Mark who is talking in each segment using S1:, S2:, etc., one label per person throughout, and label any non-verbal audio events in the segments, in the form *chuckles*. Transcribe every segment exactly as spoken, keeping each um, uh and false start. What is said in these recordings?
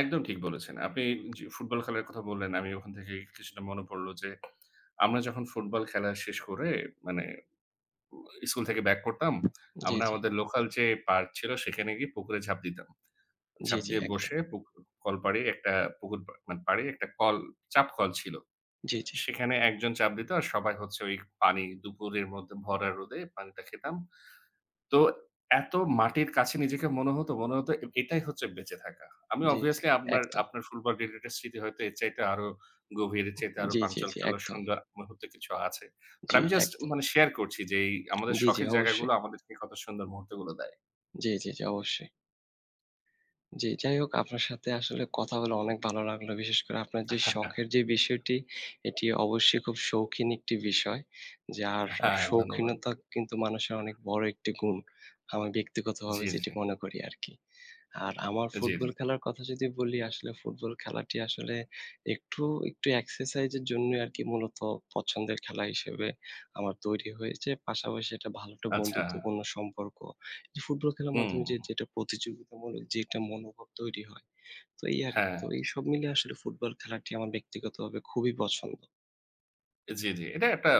S1: একদম ঠিক বলেছেন। আপনি যে ফুটবল খেলার কথা বললেন আমি ওখান থেকে কিছুটা মনে পড়লো যে আমরা যখন ফুটবল খেলা শেষ করে মানে ওম স্কুল থেকে ব্যাক করতাম।
S2: জি,
S1: আমরা
S2: জি।
S1: আমাদের লোকাল যে পার্ক ছিল, সেখানে গিয়ে পুকুরে ঝাঁপ দিতাম।
S2: জি,
S1: ঝাঁপ
S2: জি,
S1: দিয়ে
S2: একদম।
S1: বসে পুকুর কল পাড়ে একটা পুকুর পা মানে পাড়ে একটা কল, চাপকল ছিল।
S2: জি, জি।
S1: সেখানে একজন চাপ দিত আর সবাই হচ্ছে ওইখ পানি দুপুরের মধ্যে ভরা রোদে পানিটা খেতাম। তো এত মাটির কাছে নিজেকে মনে হতো, মনে হত এ -এটাই হচ্ছে বেঁচে থাকা। আমি
S2: জি, জি,
S1: অভিয়াসলি আপনার,
S2: একদম।
S1: আপনার সম্পর্কের একটা স্মৃতি হয়তো এর চাইতে আরো গভীর। এর চাইতে আরো
S2: জি, জি, জি।
S1: প্রাণচঞ্চল ও
S2: একদম।
S1: সুন্দর মুহূর্ত কিছু আছে। বাট
S2: জি,
S1: আমি জাস্ট
S2: একদম।
S1: মানে শেয়ার করছি যেই, আমাদের
S2: জি, জি,
S1: শখের জায়গাগুলো
S2: অবশ্যই।
S1: আমাদেরকে কত সুন্দর মুহূর্তগুলো দেয়।
S2: জি, জি, জি, অবশ্যই। জি, যাই হোক আপনার সাথে আসলে কথা বলে অনেক ভালো লাগলো। বিশেষ করে আপনার যে শখের যে
S1: *chuckles*
S2: বিষয়টি এটি অবশ্যই খুব শৌখিন একটি বিষয়। যার
S1: হ্যাঁ, ধন্যবাদ।
S2: শৌখিনতা কিন্তু মানুষের অনেক বড় একটি গুণ। আমি
S1: জি,
S2: ব্যক্তিগতভাবে যেটি
S1: জি।
S2: মনে করি আরকি। আর আমার
S1: আ জি,
S2: ফুটবল
S1: জি।
S2: খেলার কথা যদি বলি, আসলে ফুটবল খেলাটি আসলে একটু, একটু এক্সারসাইজের জন্যই আরকি মূলত পছন্দের খেলা হিসেবে আমার তৈরি হয়েছে। পাশাপাশি এটা ভালো একটা
S1: আচ্ছা।
S2: বন্ধুত্বপূর্ণ সম্পর্ক। ফুটবল খেলার
S1: হু,
S2: মাধ্যমে যে
S1: হু।
S2: যেটা প্রতিযোগিতামূলক যে একটা মনোভাব তৈরি হয়। তো এই আরকি,
S1: হ্যাঁ।
S2: তো এই সব মিলে আসলে ফুটবল খেলাটি আমার ব্যক্তিগতভাবে খুবই পছন্দ।
S1: জি, জি। এটা একটা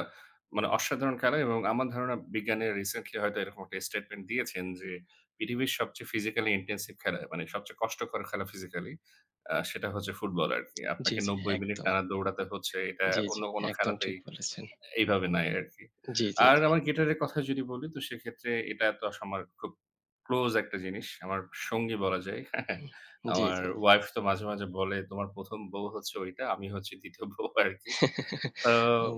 S1: মানে অসাধারণ খেলা এবং আমার ধারণা বিজ্ঞানীরা রিসেন্টলি হয়তো এরকম একটা স্টেটমেন্ট দিয়েছেন যে, পৃথিবীর সবচেয়ে ফিজিক্যালি ইনটেনসিভ খেলা, মানে সবচেয়ে কষ্টকর খেলা ফিজিক্যালি, আ সেটা হচ্ছে ফুটবল আরকি।
S2: জি,
S1: আপনাকে
S2: জি,
S1: নব্বই মিনিট
S2: একদম।
S1: টানা দৌড়াতে হচ্ছে। এটা
S2: জি,
S1: অন্য
S2: জি।
S1: কোন
S2: একদম
S1: খেলাতেই
S2: ঠিক বলেছেন।
S1: এইভাবে নাই আরকি।
S2: জি, জি,
S1: আর
S2: জি।
S1: আমার গিটারের কথা যদি বলি তো সেক্ষেত্রে এটা তো আস আমার খুব ক্লোজ একটা জিনিস। আমার সঙ্গী বলা যায়। *chuckles*
S2: জি,
S1: আমার
S2: জি।
S1: ওয়াইফ তো মাঝে মাঝে বলে তোমার প্রথম বউ হচ্ছে ঐটা, আমি হচ্ছি দ্বিতীয় বউ আরকি।
S2: *chuckles*
S1: তো,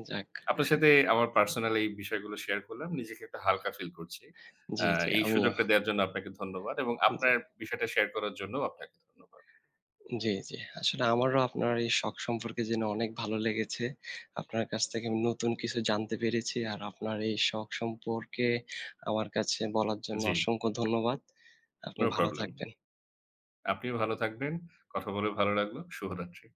S2: যাক।
S1: আপনার সাথে আমার পার্সোনাল এই বিষয়গুলো শেয়ার করলাম। নিজেকে একটু হালকা ফিল করছি।
S2: জি,
S1: আ
S2: জি।
S1: এই
S2: আমিও।
S1: সুযোগটা দেয়ার জন্য আপনাকে ধন্যবাদ এবং
S2: জি।
S1: আপনার বিষয়টা শেয়ার করার জন্যও আপনাকে ধন্যবাদ।
S2: জি, জি। আসলে আমারও আপনার এই শখ সম্পর্কে জেনে অনেক ভালো লেগেছে। আপনার কাছ থেকে আমি নতুন কিছু জানতে পেরেছি। আর আপনার এই শখ সম্পর্কে আমার কাছে বলার জন্য
S1: জি।
S2: অসংখ্য ধন্যবাদ। আপনি
S1: নো
S2: ভালো
S1: প্রবলেম।
S2: থাকবেন।
S1: আপনিও ভালো থাকবেন, কথা বলে ভালো লাগলো। শুভরাত্রি।